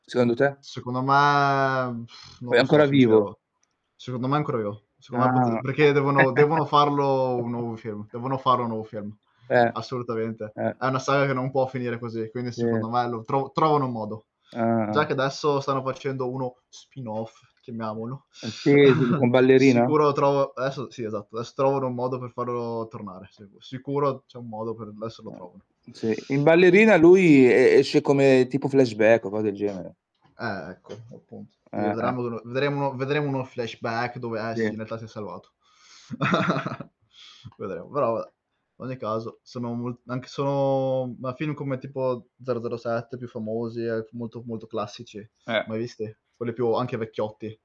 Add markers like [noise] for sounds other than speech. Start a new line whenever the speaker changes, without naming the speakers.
Secondo te
Secondo me non
è
lo so
ancora vivo?
sincero. Secondo me è ancora vivo. Secondo me pot
Ah.
perché devono devono farlo un nuovo film.
[chuckles]
Devono fare un nuovo film.
Eh,
Assolutamente.
eh.
È una saga che non può finire così, quindi
Sì.
secondo me lo trov trovano un modo. Già
Ah-ah.
che adesso stanno facendo uno spin off, chiamiamolo.
Eh
[sucks teeth]
sì, sì. Con
[chuckles]
Ballerina?
Sicuro lo trovo adesso sì, esatto. Adesso trovano un modo per farlo tornare. [unintelligible] sicuro c'è un modo per adesso
Eh,
lo trovano.
mh, sì. In Ballerina lui e esce come tipo flashback o cose del genere.
Eh ecco, appunto. Sì
Eh, eh.
vedremo delle vedremo vedremo uno flashback dove, eh, sì,
Sì.
in realtà si è salvato. [chuckles] Vedremo, però vabbè, ogni caso sono mol anche sono ma film come tipo 007 più famosi, ehm, molto, molto classici,
Eh.
mai visti? Quelli più anche vecchiotti.